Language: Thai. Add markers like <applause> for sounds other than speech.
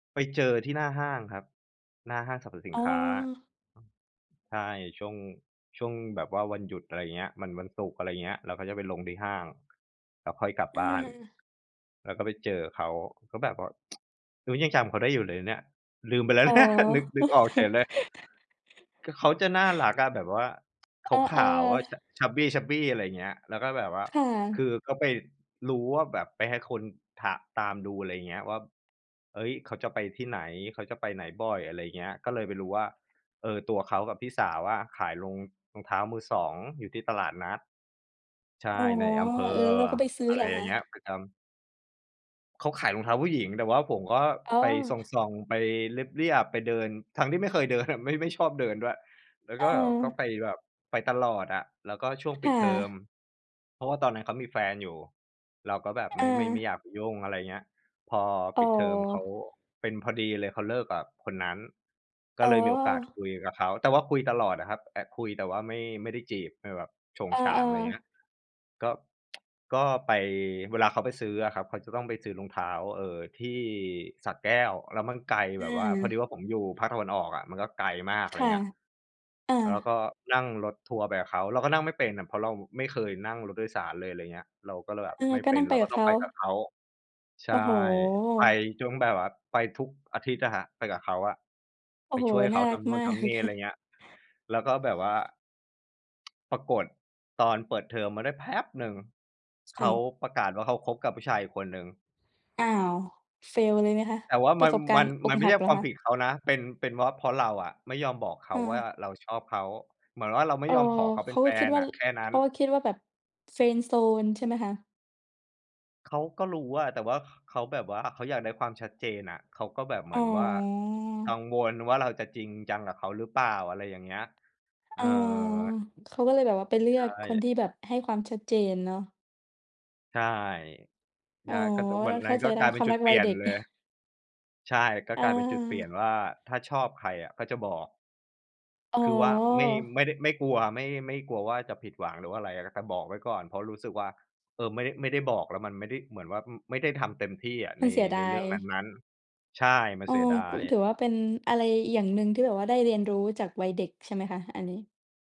ไปเจอที่หน้าห้างครับ หน้าห้างสรรพสิอ๋นอ ค้า ใช่ ช่วง ช่วงแบบว่าวันหยุด อะไรอย่างเงี้ย มันวันศุกร์ อะไรเงี้ย เราก็จะไปลงที่ห้าง แล้วค่อยกลับบ้าน อา แล้วก็ไปเจอเขา ก็แบบว่า <tsk> โอ้ ยังจำเขาได้อยู่เลยเนี่ย ลืมไปแล้วอ๋อ เนี่ย <laughs> นึก นึกออกเฉยเลย คื<chuckles> อเขาจะน่ารักอะแบบว่า <tsk> เอขอ าว ๆ อะ ๆ cha chubby chubby อะไรอย่างเงี้ย แล้วก็แบบว่า ค่ะ คือก็ไปรู้ว่าแบบ ไปให้คนถะ ตามดู อะไรอย่างเงี้ย ว่า เฮ้ย เขาจะไปที่ไหน เขาจะไปไหนบ่อย อะไรอย่างเงี้ย ก็เลยไปรู้ว่า เออ ตัวเขากับพี่สาวอะขายรอง รองเท้ามือสองอยู่ที่ตลาดนัด ใชอ๋่ อ ในอำเภเออ อ เราก็ไปซื้ออะไเรหรออยค่างเงี้ย ะ? ประจำ เขาขายรองเท้าผู้หญิง แต่ว่าผมก็อ๋ไปสอ ่อง ๆ ไปเลียบ ๆ ไปเดิน ทั้งที่ไม่เคยเดินน่ะ ไม่ ไม่ชอบเดินด้วย แล้วอก็แบบไา ป แบบไปตลอดอะ แล้วก็ช่วงคปิ่ดเทอม ะ เพราะว่าตอนนั้นเขามีแฟนอยู่ เราก็แบบไมอ่ ไม่ ไม่อยา ากไปยุ่ง อะไรอย่างเงี้ย พออ๋ปิดเทอมเขาอ เป็นพอดีเลย เขาเลิกกับคนนั้น กอ็๋อ เลยมีโอกาสคุยกับเขา แต่ว่าคุยตลอดอะครับ แต่ คุยแต่ว่าไม่ ไม่ได้จีบไม่แบบโฉ่งอฉาา ง อะไรอย่างเงี้ๆ ย ก็ <tsk> ก็ไป เวลาเขาไปซื้ออะครับ เขาจะต้องไปซื้อรองเท้า เอ่อ ที่สระแก้ว แล้วมันไกลแอบบว่า พอดีา ว่า ผมอยู่ภาคตะวันออกอะ มันก็ไกลมาก อะคไร่ะ เงี้ย อา แล้วก็นั่ง รถทัวร์ไปกับเขา เราก็นั่งไม่เป็นอะ เพราะเราไม่เคยนั่งรถโดยสารเลย อะไรเงี้ย เราก็เลยแบเบออ ไม่ก็เป็นั่น งไเรปากกั็บตเ้ของา ไปกับเขา ใชโอ้่ โฮ ไปจนแบบว่าไปทุกอาทิตย์อะครับ ไปกับเขาอะ โอ้ไปโฮ ช่วยนเข่าารทักำนูม่นาทก ำนี่ อะไรอย่า<chuckles> งเงี้ย แล้วก็แบบว่า... <tsk> ปรากฏตอนเปิดเทอมมาได้แป๊บหนึ่ง คเข่าะ ประกาศว่าเขาคบกับผู้ชายอีกคนหนึ่ง อ้าว fail เลยไหมคะ? แต่ว่าปมรัะน สบกามรัณน ์อมกันไมห่ัใชก่เหรคอวาคมผะ? ิดเขานะเป็น เป็นเพราะ เพราะเราอะ ไม่ยอมบอกเขอาว่า า เราชอบเขา เหมือนว่าเราไมเ่ออ ยอมขอเขาเเขป็านแกฟ็คิดนว่นา ่ะ แค่นัเ้ขน าก็คิดว่าแบบ friend zone ใช่ไหมคะ? เขาก็รู้อะ แต่ว่า เขาแบบว่าเขาอยากได้ความชัดเจนน่ะ เขาก็แบบเหมอื๋อนว่ากัอ งวลว่า เราจะจริงจังกับเขาหรือเปล่า? อะไรอย่างเงี้ย เอเออ อ เขาก็เลยแบบว่าไปเลืใชอกคน่ ที่แบบให้ความชัดเจนเนาะ ใช่ อใช๋อ ่ ก็จากวัเรานเนขั้้าน ใกจ็ไดก้ ลายเคป็วนามจุรัดกเปวลัี่ยยเดน็ก เลย <chuckles> ใช่ ก็อกลายเป็นจุดเปลี่ยนา ว่า ถ้าชอบใครอะก็จะบอก อ๋อ คือว่าไม่ ไม่ได้ ไม่กลัว ไม่ ไม่กลัวว่า จะผิดหวังหรือว่าอะไร แต่บอกไว้ก่อน เพราะรู้สึกว่า เออ ไม่ได้ ไม่ได้บอก แล้วมันไม่ได้ เหมือนว่า อืม ไม่ได้ทำเต็มที่อะมใัน นเสียดในาเรื่ย องนั้น ๆ ใช่ มัเนออ เสียดาก็ ถย ือว่า เป็นอะไรอย่างหนึ่งที่แบบว่าได้เรียนรู้จากวัยเด็กใช่ไหมคะ? อันนี้